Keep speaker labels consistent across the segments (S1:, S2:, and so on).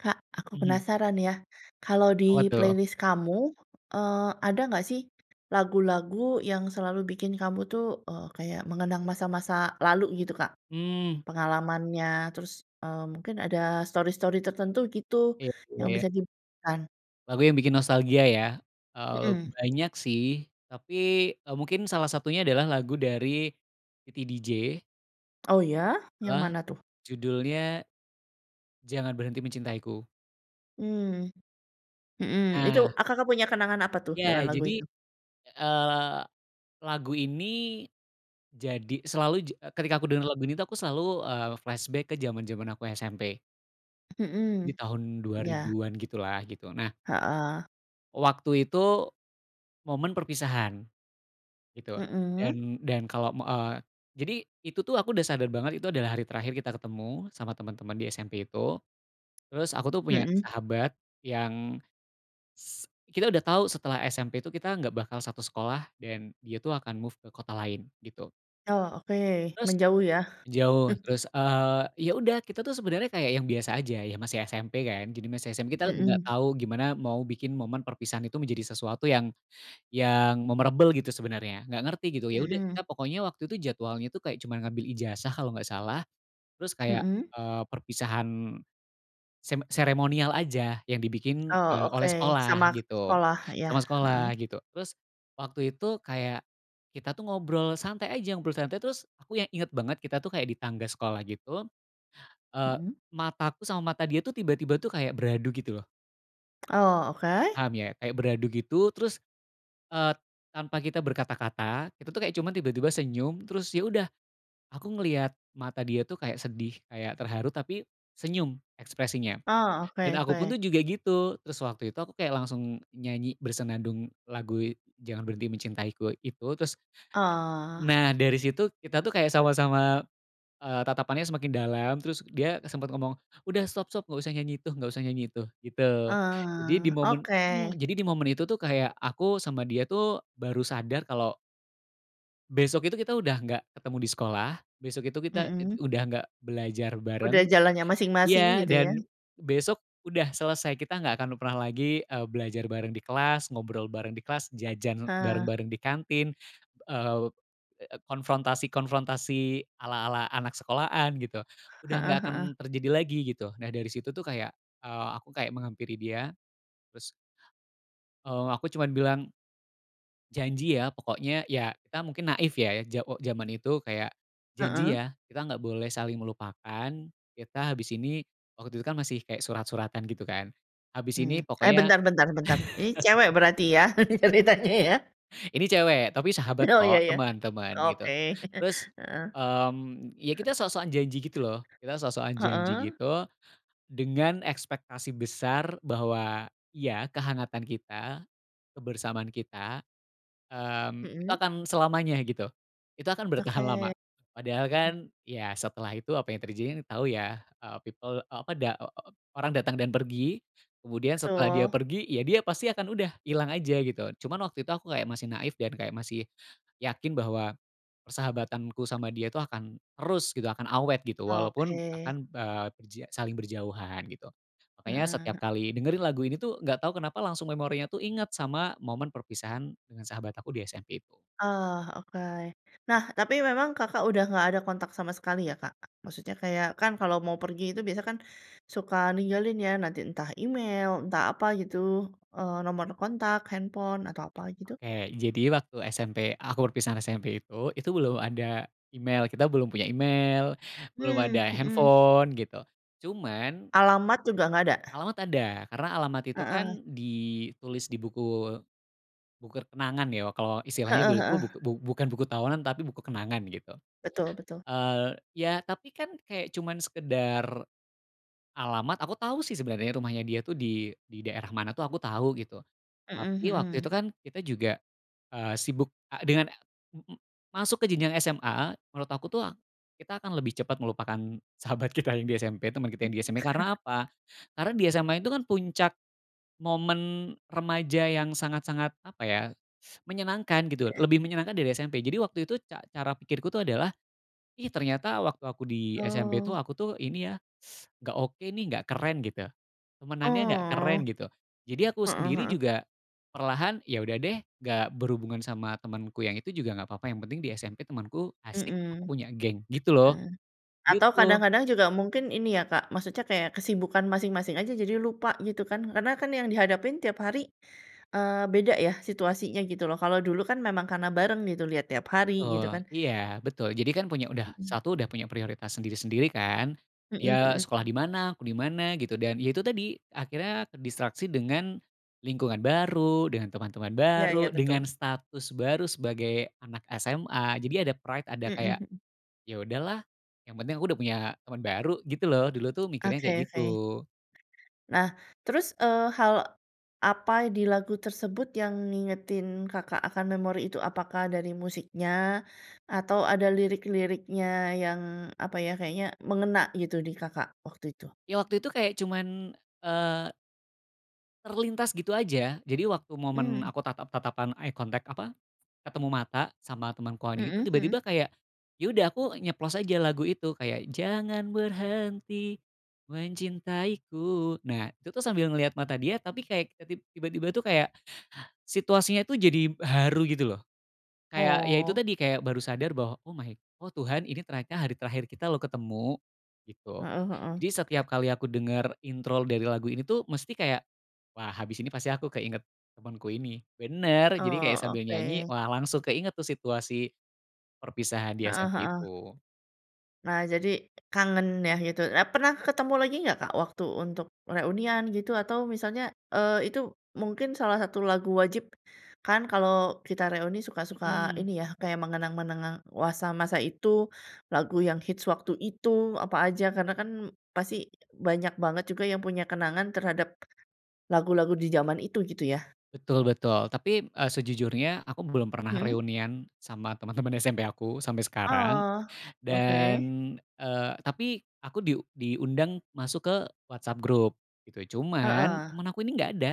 S1: Kak, aku
S2: Mhm.
S1: penasaran, ya, kalau di
S2: Apa, tuh?
S1: playlist kamu, eee, ada nggak, sih, lagu-lagu yang selalu bikin kamu, tuh, eee, kayak mengenang masa-masa lalu, gitu, Kak,
S2: Mmm.
S1: pengalamannya terus, eee, mungkin ada stori-stori tertentu, gitu,
S2: Iya juga,
S1: yang
S2: ya.
S1: bisa diceritakan?
S2: Lagu yang bikin nostalgia, ya, eee,
S1: Mhm.
S2: banyak, sih, tapi, eee, mungkin salah satunya adalah lagu dari Titi DJ
S1: Oh, iya? Yang
S2: bahwa
S1: mana, tuh?
S2: judulnya "Jangan Berhenti Mencintaiku".
S1: Mmm, mhm, itu,
S2: Nah.
S1: a Kakak punya kenangan apa, tuh,
S2: Iya,
S1: dengan lagu
S2: jadi,
S1: itu?
S2: eee, lagu ini, jadi selalu ja ketika aku dengar lagu ini, tuh, aku selalu, eee, flashback ke jaman-jaman aku SMP. Ini
S1: Mhm,
S2: tahun dua
S1: iya.
S2: ribuan gitu, lah, gitu, nah.
S1: Heeh.
S2: Waktu itu, momen perpisahan, gitu,
S1: Mhm.
S2: dan dan kalau me eee, jadi itu, tuh, aku udah sadar banget, itu adalah hari terakhir kita ketemu sama teman-teman di SMP itu, terus aku, tuh, punya
S1: Mhm.
S2: sahabat yang s kita udah tau setelah SMP, tuh, kita nggak bakal satu sekolah dan dia, tuh, akan move ke kota lain, gitu.
S1: Oh, oke,
S2: Terus
S1: menjauh, ya.
S2: jauh, terus, eee, ya, udah kita, tuh, sebenernya kayak yang biasa aja, ya, masih SMP, kan, jadi masih SMP, kita nggak
S1: Mhm.
S2: tau gimana mau bikin momen perpisahan itu menjadi sesuatu yang yang memorable, gitu, sebenernya nggak ngerti, gitu, ya, udah, kita
S1: Mhm.
S2: pokoknya waktu itu jadwalnya, tuh, kayak cuma ngambil ijazah kalau nggak salah, terus kayak,
S1: Mhm.
S2: eee, perpisahan sem seremonial aja yang dibikin,
S1: Oh,
S2: eee,
S1: oke,
S2: oleh sekolah,
S1: sama k
S2: gitu,
S1: sekolah, iya,
S2: sama
S1: heeh.
S2: sekolah, gitu, terus waktu itu kayak kita, tuh, ngobrol santai aja, ngobrol santai, terus aku yang inget banget kita, tuh, kayak di tangga sekolah, gitu, eee,
S1: Mhm.
S2: mataku sama mata dia, tuh, tiba-tiba, tuh, kayak beradu, gitu, loh.
S1: Oh, oke.
S2: Paham, ya, kayak beradu, gitu, terus, eee, tanpa kita berkata-kata, kita, tuh, kayak cuma tiba-tiba senyum terus, ya, udah, aku ngeliat mata dia, tuh, kayak sedih, kayak terharu tapi senyum ekspresinya,
S1: Oh,
S2: dan
S1: oke
S2: aku pun,
S1: oke.
S2: tuh, juga gitu. Terus waktu itu aku kayak langsung nyanyi bersenandung lagu "Jangan Berhenti Mencintaiku" itu, terus
S1: Oh.
S2: nah, dari situ kita, tuh, kayak sama-sama, eee, tatapannya semakin dalam terus dia sempet ngomong, "Udah, stop stop, nggak usah nyanyi itu nggak usah nyanyi itu." Gitu. Jadi di
S1: Oh,
S2: momen mmm,
S1: oke.
S2: jadi di momen itu, tuh, kayak aku sama dia, tuh, baru sadar kalau besok itu kita udah nggak ketemu di sekolah, besok itu kita ed
S1: Mhm.
S2: udah nggak belajar
S1: Udah
S2: bareng.
S1: jalannya masing-masing,
S2: Iya,
S1: gitu, ya.
S2: dan besok udah selesai, kita nggak akan pernah lagi, eee, belajar bareng di kelas, ngobrol bareng di kelas, jajan
S1: Heeh.
S2: bareng-bareng di kantin, eee eee, konfrontasi-konfrontasi ala-ala anak sekolahan, gitu, udah nggak
S1: Heeh
S2: akan
S1: heeh.
S2: terjadi lagi, gitu. Nah, dari situ, tuh, kayak, eee, aku kayak menghampiri dia, terus eee, aku cuman bilang, "Janji, ya, pokoknya," ya, kita mungkin naif, ya, ja o jaman itu kayak, "janji,
S1: Heeh.
S2: ya, kita nggak boleh saling melupakan. Kita habis ini," waktu itu, kan, masih kayak surat-suratan, gitu, kan, "habis ini
S1: Mmm, eh,
S2: pokoknya."
S1: bentar bentar bentar, ini cewek berarti, ya, ceritanya, ya?
S2: Ini cewek tapi sahabat,
S1: Oh, iya
S2: kok,
S1: iya,
S2: teman teman, gitu,
S1: oke,
S2: terus,
S1: heeh.
S2: mmm, ya, kita sok-sokan janji, gitu, loh, kita sok-sokan janji,
S1: Heeh.
S2: gitu, dengan ekspektasi besar bahwa iya, kehangatan kita, kebersamaan kita, mmm, itu
S1: Mhm.
S2: akan selamanya, gitu, itu akan bertahan lama,
S1: Oke,
S2: padahal, kan,
S1: mhm.
S2: ya, setelah itu apa yang terjadi, kan, tau, ya, eee, people, eee, apa, da o o orang datang dan pergi, kemudian setelah dia
S1: Betul.
S2: pergi, ya, dia pasti akan udah, hilang aja, gitu, cuman waktu itu aku kayak masih naif dan kayak masih yakin bahwa persahabatanku sama dia itu akan terus, gitu, akan awet, gitu, walaupun
S1: Oke.
S2: akan, eee, berja saling berjauhan, gitu.
S1: Mhm
S2: Makanya setiap
S1: mhm.
S2: kali dengerin lagu ini, tuh, nggak tau kenapa langsung memorinya, tuh, ingat sama momen perpisahan dengan sahabat aku di SMP itu.
S1: Oh, oke. Nah, tapi memang Kakak udah nggak ada kontak sama sekali, ya, Kak? Maksudnya kayak, kan, kalau mau pergi itu biasa, kan, suka ninggalin, ya, nanti, entah email, entah apa, gitu, eee, nomor kontak, handphone, atau apa, gitu?
S2: Oke, jadi waktu SMP aku perpisahan SMP itu, itu belum ada email, kita belum punya email, belum
S1: Mmm,
S2: ada
S1: mhm.
S2: handphone, gitu, cuman
S1: Alamat juga nggak ada?
S2: Alamat ada, karena alamat itu,
S1: Heeh.
S2: kan, ditulis di buku buku kenangan, ya, kalau istilahnya
S1: Heeh
S2: dulu, tuh,
S1: heeh.
S2: bu bukan buku tahunan, tapi buku kenangan, gitu.
S1: Betul betul.
S2: Eee, ya, tapi, kan, kayak cuman sekedar alamat aku tau, sih, sebenarnya rumahnya dia, tuh, di di daerah mana, tuh, aku tau, gitu,
S1: Mhm
S2: tapi waktu itu,
S1: mhm.
S2: kan, kita juga, eee, sibuk, eee, dengan, m m masuk ke jenjang SMA, menurut aku, tuh, kita akan lebih cepat melupakan sahabat kita yang di SMP, teman kita yang
S1: Mmm.
S2: di SMP, karena apa? Karena di SMA itu, kan, puncak momen remaja yang sangat-sangat apa, ya, menyenangkan, gitu,
S1: Iya.
S2: lebih menyenangkan dari SMP. Jadi waktu itu ca cara pikirku, tuh, adalah, "Ih, ternyata waktu aku di SMP, tuh,
S1: Oh.
S2: aku, tuh, ini, ya, nggak oke, nih, nggak keren, gitu, temanannya nggak
S1: Oh.
S2: keren." Gitu, jadi aku
S1: Heeh
S2: sendiri
S1: heeh.
S2: juga perlahan, ya, udah, deh, nggak berhubungan sama temanku yang itu juga nggak apa-apa yang penting di SMP temanku asik,
S1: Mhm.
S2: aku punya geng, gitu, loh,
S1: Ah. Atau
S2: gitu.
S1: kadang-kadang juga mungkin ini, ya, Kak, maksudnya kayak kesibukan masing-masing aja, jadi lupa, gitu, kan, karena, kan, yang dihadapin tiap hari, eee, beda, ya, situasinya, gitu, loh, kalau dulu kan, memang karena bareng, gitu, lihat tiap hari, gitu,
S2: Betul,
S1: kan.
S2: iya, betul, jadi, kan, punya udah
S1: Mhm.
S2: satu udah punya prioritas sendiri-sendiri, kan,
S1: Mhm
S2: dia
S1: mhm,
S2: sekolah di
S1: mmm.
S2: mana, aku di mana, gitu, dan, ya, itu tadi akhirnya terdistraksi dengan lingkungan baru, dengan teman-teman
S1: Iya iya,
S2: baru,
S1: betul.
S2: dengan status baru sebagai anak SMA, jadi ada pride, ada
S1: Mhm
S2: kayak,
S1: mhm.
S2: "Ya, udah, lah, yang penting aku udah punya teman baru." Gitu, loh, dulu, tuh, mikirnya kayak
S1: Oke
S2: gitu.
S1: oke. Nah, terus, eee, hal apa di lagu tersebut yang ngingetin Kakak akan memori itu, apakah dari musiknya, atau ada lirik-liriknya yang apa, ya, kayaknya mengena, gitu, di Kakak waktu itu?
S2: Ya, waktu itu kayak cuman, eee terlintas gitu aja. Jadi waktu momen
S1: Mmm.
S2: aku tatap-tatapan, eye contact apa, ketemu mata sama temanku ini, itu
S1: Mhm mhm.
S2: tiba-tiba kayak, ya, udah aku nyeplos aja lagu itu, kayak jangan berhenti mencintaiku, nah, itu, tuh, sambil ngeliat mata dia tapi kayak ke tib tiba-tiba itu kayak situasinya itu jadi haru, gitu, loh, kayak, ya, itu
S1: Oh.
S2: tadi, kayak baru sadar bahwa, "Oh, my oh, Tuhan, ini ternyata hari terakhir kita, loh, ketemu." Gitu.
S1: Heeh heeh.
S2: Jadi setiap kali aku dengar intro dari lagu ini, tuh, mesti kayak, "Wah, habis ini pasti aku keinget temenku ini." Benar, jadi kayak
S1: Oh,
S2: sambil nyanyi,
S1: oke.
S2: wah, langsung keinget, tuh, situasi perpisahan di
S1: Heeh
S2: SMP
S1: heeh.
S2: itu.
S1: Nah, jadi kangen, ya, gitu. Nah, pernah ketemu lagi nggak, Kak, waktu untuk reunian, gitu, atau misalnya, eee, itu mungkin salah satu lagu wajib, kan, kalau kita reuni suka suka
S2: Mhm.
S1: ini, ya, kayak mengenang-mengenang wasa masa itu, lagu yang hits waktu itu, apa aja karena, kan, pasti banyak banget juga yang punya kenangan terhadap lagu-lagu di jaman itu, gitu, ya.
S2: Betul betul tapi, eee, sejujurnya aku belum pernah
S1: Mhm.
S2: reunian sama teman-teman SMP aku sampai sekarang,
S1: Oh,
S2: dan,
S1: oke.
S2: eee, tapi aku diu diundang masuk ke WhatsApp grup, gitu, cuman
S1: Heeh.
S2: teman aku ini nggak ada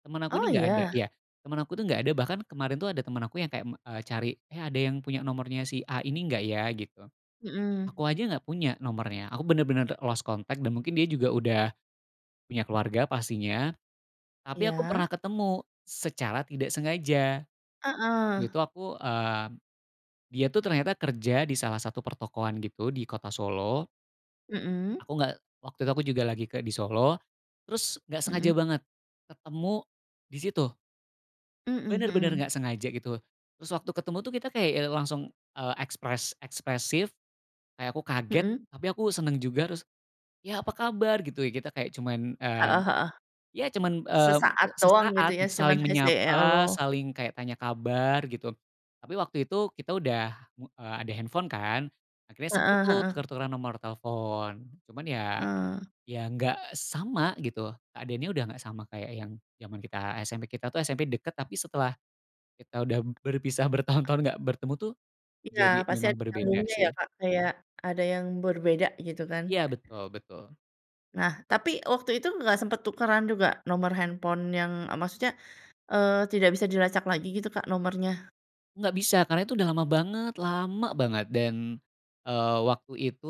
S2: teman aku ini
S1: Oh,
S2: nggak ada,
S1: iya?
S2: ya, teman aku, tuh, nggak ada. Bahkan kemarin, tuh, ada temen aku yang kayak, me cari, "Eh, ada yang punya nomornya si A ini nggak, ya?" Gitu.
S1: Mhm.
S2: Aku aja nggak punya nomornya, aku benar-benar, eee, lost contact dan mungkin dia juga udah punya keluarga pastinya, tapi aku pernah
S1: Iya.
S2: ketemu secara tidak sengaja. Waktu
S1: Heeh.
S2: itu aku eee, dia, tuh, ternyata kerja di salah satu pertokoan, gitu, di kota Solo.
S1: Mhm.
S2: Aku nggak waktu itu aku juga lagi ke di Solo, terus nggak sengaja
S1: Mhm.
S2: banget ketemu di situ.
S1: Mhm
S2: Benar-benar
S1: mhm.
S2: nggak sengaja, gitu, terus waktu ketemu, tuh, kita kayak, ya, langsung, eee, ekspres ekspresif, kayak aku kaget
S1: Mhm.
S2: tapi aku senang juga. Terus, ya, "Apa kabar?" Gitu, ya. Kita kayak cuman, mmm,
S1: Heeh heeh.
S2: ya, cuman, mmm,
S1: Sesaat doang, gitu,
S2: sesaat
S1: ya, cuman
S2: saling
S1: he say
S2: menyapa,
S1: hello.
S2: saling kayak tanya kabar, gitu, tapi waktu itu kita udah, eee, ada handphone, kan, akhirnya sempat,
S1: Heeh
S2: tuh,
S1: heeh.
S2: tuker-tukeran nomor telepon, cuman, ya
S1: Eee.
S2: ya nggak sama, gitu, keadaannya, udah nggak sama kayak yang jaman kita SMP. Kita, tuh, SMP dekat, tapi setelah kita udah berpisah bertahun-tahun nggak bertemu, tuh,
S1: Iya,
S2: jadi
S1: pasti
S2: memang
S1: ada
S2: berbeda,
S1: nyambungnya, ya,
S2: sih.
S1: Kak, kayak ada yang berbeda, gitu, kan.
S2: Iya, betul betul.
S1: Nah, tapi waktu itu nggak sempet tukeran juga nomor handphone yang, eee, maksudnya, eee, tidak bisa dilacak lagi, gitu, Kak, nomornya?
S2: Nggak bisa, karena itu udah lama banget lama banget, dan, eee, waktu itu,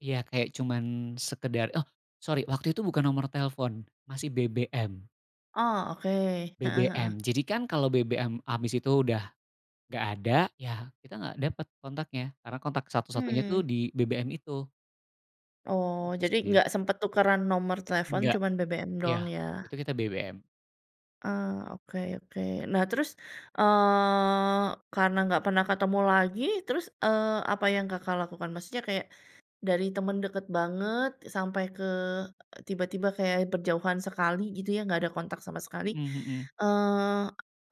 S2: ya, kayak cuman sekedar oh, sori, waktu itu bukan nomor telepon, masih BBM.
S1: Oh, oke, heeh
S2: BBM.
S1: heeh.
S2: Jadi, kan, kalau BBM habis itu udah nggak ada, ya, kita nggak dapet kontaknya karena kontak satu-satunya, tuh,
S1: Mmm.
S2: di BBM itu.
S1: Oh, jadi
S2: Usti.
S1: nggak sempat tukeran nomor telepon,
S2: Enggak,
S1: cuman BBM doang,
S2: ya,
S1: ya.
S2: itu kita BBM.
S1: Eee, oke oke. Nah, terus, eee, karena nggak pernah ketemu lagi, terus, eee, apa yang Kakak lakukan? Maksudnya kayak dari teman dekat banget sampai ke tiba-tiba kayak berjauhan sekali, gitu, ya, nggak ada kontak sama sekali,
S2: Mhm mhm.
S1: eee,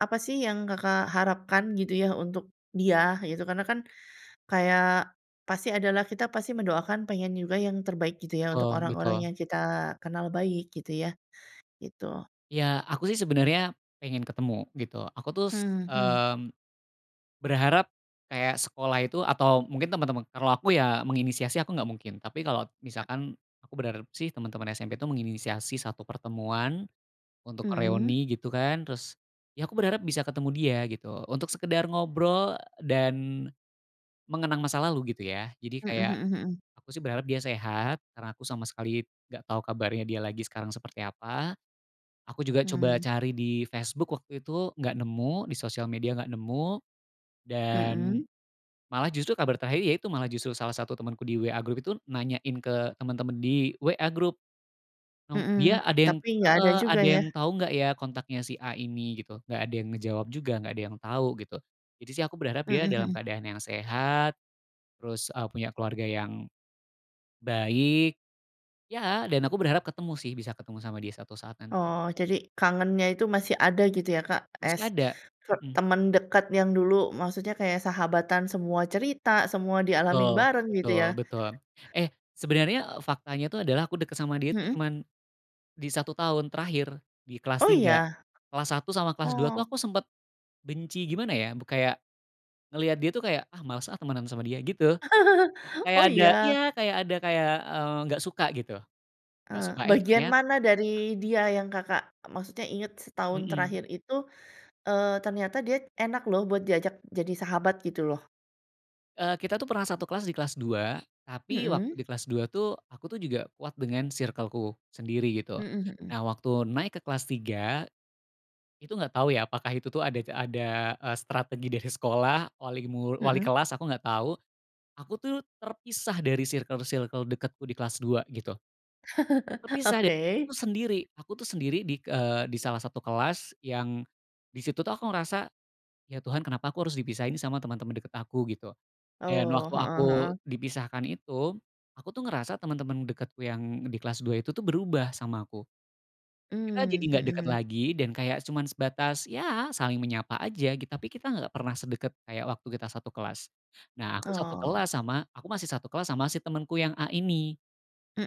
S1: apa, sih, yang Kakak harapkan, gitu, ya, untuk dia, gitu? Karena, kan, kayak pasti ada, lah, kita pasti mendoakan, pengen juga yang terbaik, gitu, ya, untuk
S2: Betul
S1: orang-orang
S2: betul.
S1: yang kita kenal baik, gitu, ya, gitu.
S2: Ya, aku, sih, sebenarnya pengen ketemu, gitu, aku, tuh, s
S1: Hmm hmm.
S2: mmm, berharap, kayak sekolah itu atau mungkin teman-teman kalau, aku, ya, menginisiasi, aku nggak mungkin, tapi kalau misalkan aku berharap, sih, teman-teman SMP, tuh, menginisiasi satu pertemuan, untuk
S1: Mhm.
S2: reuni, gitu, kan, terus, ya, aku berharap bisa ketemu dia, gitu, untuk sekedar ngobrol dan mengenang masa lalu, gitu, ya. Jadi
S1: Mhm
S2: kayak
S1: mhm mhm.
S2: aku, sih, berharap dia sehat karena aku sama sekali nggak tau kabarnya dia lagi sekarang seperti apa, aku juga coba
S1: Mmm.
S2: cari di Facebook waktu itu nggak nemu, di sosial media nggak nemu, dan
S1: Mhm.
S2: malah justru kabar terakhir, ya, itu malah justru salah satu temanku di WA grup itu nanyain ke teman-teman di WA grup. Nom dia
S1: Mhm,
S2: ada yang
S1: tapi nggak ada
S2: heeh,
S1: juga,
S2: "Ada
S1: ya.
S2: yang tau nggak, ya, kontaknya si A ini?" Gitu. Nggak ada yang ngejawab juga, nggak ada yang tau, gitu, jadi, sih, aku berharap
S1: Mhm
S2: dia dalam
S1: mhm.
S2: keadaan yang sehat, terus, eee, punya keluarga yang baik, ya, dan aku berharap ketemu, sih, bisa ketemu sama dia suatu saat nan
S1: Oh, jadi kangennya itu masih ada, gitu, ya, Kak,
S2: Masih
S1: es
S2: ada,
S1: te
S2: mhm.
S1: teman dekat yang dulu maksudnya kayak sahabatan, semua cerita, semua dialamin
S2: Betul
S1: bareng, gitu,
S2: betul
S1: ya.
S2: betul. Eh, sebenarnya faktanya, tuh, adalah aku deket sama dia, tuh,
S1: Mhm.
S2: cuman di 1 tahun terakhir, di kelas
S1: Oh, iya?
S2: 3. Kelas 1 sama kelas 2, tuh,
S1: Oh.
S2: aku sempat benci, gimana, ya, bu kayak ngelihat dia, tuh, kayak, "Ah, males, ah, temanan sama dia." Gitu, kayak
S1: Oh,
S2: ada iya
S1: iya?
S2: kayak ada kayak, eee, nggak suka, gitu, nggak
S1: Eee,
S2: suka, eh,
S1: bagian
S2: ternya
S1: mana dari dia yang Kakak maksudnya ingat setahun
S2: Mhm.
S1: terakhir itu, eee, ternyata dia enak, loh, buat diajak jadi sahabat? Gitu, loh.
S2: Eee, kita, tuh, pernah satu kelas di kelas 2, tapi waktu
S1: Mhm.
S2: di kelas 2, tuh, aku, tuh, juga kuat dengan sirkelku sendiri, gitu.
S1: Mhm mhm.
S2: Nah, waktu naik ke kelas 3, itu nggak tau, ya, apakah itu, tuh, ada ada, eee, strategi dari sekolah, wali mu wali
S1: Mhm.
S2: kelas aku nggak tau aku, tuh, terpisah dari sirkel-sirkel dekatku di kelas 2, gitu. Terpisah dan
S1: Oke.
S2: aku sendiri. Aku, tuh, sendiri di k eee, di salah satu kelas yang di situ, tuh, aku ngerasa, "Ya, Tuhan, kenapa aku harus dipisahin sama teman-teman dekat aku?" Gitu. Dan
S1: Oh,
S2: waktu
S1: heeh
S2: aku
S1: heeh.
S2: dipisahkan itu, aku, tuh, ngerasa teman-teman dekatku yang di kelas 2 itu, tuh, berubah sama aku. Kita jadi
S1: Mmm,
S2: nggak dekat
S1: mhm.
S2: lagi dan kayak cuman sebatas, ya, saling menyapa aja, tapi kita nggak pernah sedekat kayak waktu kita satu kelas, nah, aku satu
S1: Oh.
S2: kelas sama aku masih satu kelas sama si temenku yang A ini,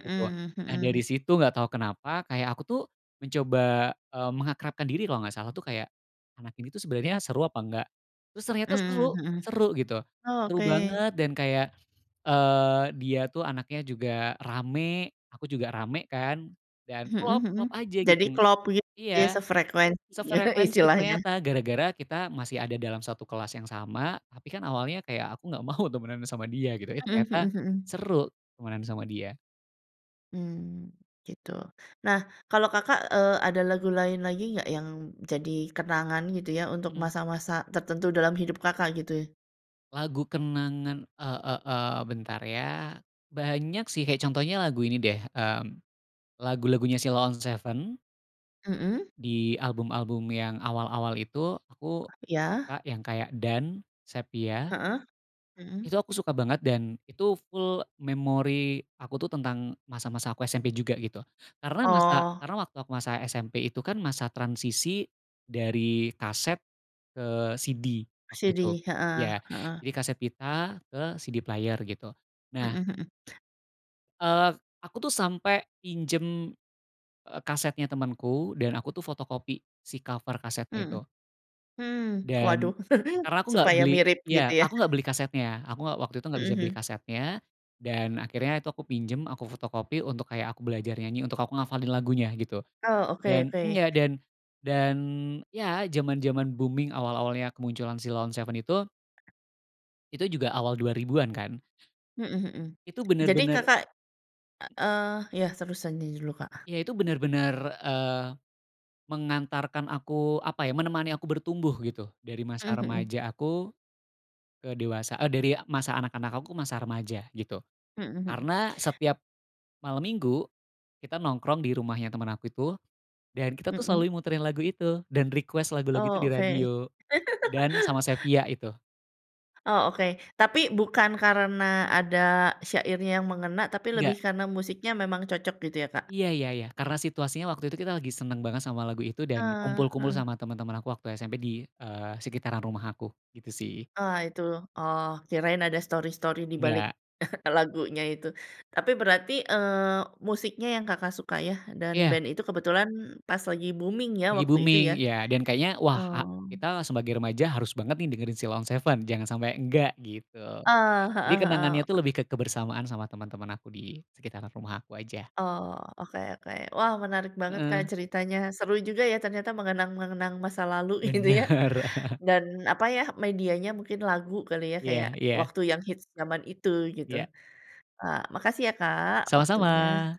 S2: gitu. Nah,
S1: mhm.
S2: dari situ nggak tau kenapa kayak aku, tuh, mencoba, eee, mengakrabkan diri, kalau nggak salah, tuh, kayak anak ini, tuh, sebenernya seru apa nggak? Terus ternyata
S1: Mmm
S2: seru
S1: mhm.
S2: seru, gitu,
S1: Oh,
S2: seru
S1: oke.
S2: banget, dan kayak, eee, dia, tuh, anaknya juga rame, aku juga rame, kan, dan
S1: Mhm
S2: klop
S1: mhm,
S2: klop aja,
S1: jadi
S2: gitu.
S1: klop gitu, ya,
S2: Iya,
S1: sefrekuensi, ya,
S2: sefrekuensi
S1: istilahnya.
S2: ternyata gara-gara kita masih ada dalam satu kelas yang sama, tapi, kan, awalnya kayak aku nggak mau temenan sama dia, gitu, eh,
S1: Mhm mhm
S2: ternyata
S1: mhm.
S2: seru temenan sama dia.
S1: Mmm, gitu. Nah, kalau Kakak, eee, ada lagu lain lagi nggak yang jadi kenangan, gitu, ya, untuk
S2: Mmm.
S1: masa-masa tertentu dalam hidup Kakak, gitu?
S2: Lagu kenangan, e e eee, bentar, ya, banyak, sih, kayak contohnya lagu ini, deh, mmm, lagu-lagunya Sheila on 7.
S1: Mhm.
S2: Di album-album yang awal-awal itu aku
S1: Iya.
S2: suka yang kayak "Dan", "Sephia".
S1: Heeh, mhm.
S2: Itu aku suka banget, dan itu full memori aku, tuh, tentang masa-masa aku SMP juga, gitu, karena masa
S1: Oh.
S2: karena waktu aku masa SMP itu, kan, masa transisi, dari kaset ke CD waktu itu,
S1: CD, heeh
S2: iya,
S1: heeh.
S2: jadi kaset pita ke CD player, gitu.
S1: Mhm
S2: Nah
S1: mhm.
S2: eee, aku, tuh, sampai pinjam, eee, kasetnya temanku dan aku, tuh, fotokopi si cover kasetnya
S1: Mhm,
S2: itu.
S1: hmm, waduh
S2: Dan karena aku nggak
S1: supaya
S2: beli
S1: mirip, gitu,
S2: iya,
S1: ya?
S2: aku nggak beli kasetnya, aku nggak waktu itu nggak
S1: Mhm
S2: bisa beli
S1: mhm.
S2: kasetnya, dan akhirnya itu aku pinjem, aku fotokopi untuk kayak aku belajar nyanyi, untuk aku ngafalin lagunya, gitu,
S1: Oh, oke
S2: dan
S1: oke.
S2: enggak dan dan, ya, jaman-jaman booming awal-awalnya kemunculan Sheila On 7 itu itu juga awal 2000-an, kan.
S1: Mhm mhm,
S2: Itu
S1: jadi
S2: benar-benar
S1: Kakak, eee eee, iya, terusannya julu, Kak.
S2: Iya, itu benar-benar, eee, mengantarkan aku apa, ya, menemani aku bertumbuh, gitu, dari masa
S1: Mhm mhm.
S2: remaja aku ke dewasa, eee, dari masa anak-anak aku ke masa remaja, gitu,
S1: Mhm mhm.
S2: karena setiap malam minggu kita nongkrong di rumahnya teman aku itu dan kita, tuh, selalu
S1: Mhm.
S2: muterin lagu itu dan request lagu-lagu itu
S1: Oh,
S2: di
S1: oke.
S2: radio, "Dan" sama "Sephia" itu.
S1: Oh, oke, tapi bukan karena ada syairnya yang mengena, tapi
S2: Enggak.
S1: lebih karena musiknya memang cocok, gitu, ya, Kak?
S2: Iya iya iya, karena situasinya waktu itu kita lagi senang banget sama lagu itu dan
S1: Eee,
S2: kumpul-kumpul
S1: heeh.
S2: sama teman-teman aku waktu SMP di, eee, sekitaran rumah aku, gitu, sih.
S1: Ah, itu, oh, kirain ada stori-stori di balik
S2: Enggak.
S1: lagunya itu. Tapi berarti, eee, musiknya yang Kakak suka, ya, dan
S2: Iya.
S1: band itu kebetulan pas lagi booming, ya,
S2: Lagi
S1: waktu itu, ya?
S2: booming, iya. Dan kayaknya, "Wah, a
S1: Oh.
S2: kita sebagai remaja harus banget, nih, dengerin Sheila on 7, jangan sampai enggak." Gitu.
S1: Eee,
S2: Jadi
S1: heeh
S2: kenangannya, tuh,
S1: heeh.
S2: lebih ke kebersamaan sama teman-teman aku di sekitaran rumah aku aja.
S1: Oh, oke oke. Wah, menarik banget, Kak,
S2: Heeh.
S1: ceritanya seru juga, ya, ternyata mengenang-mengenang masa lalu, gitu, ya,
S2: Benar.
S1: dan apa, ya, medianya mungkin lagu kali, ya,
S2: Iya
S1: kayak
S2: iya.
S1: waktu yang hits jaman itu, gitu.
S2: Iya.
S1: Ah, makasih, ya, Kak,
S2: Sama-sama.
S1: waktunya.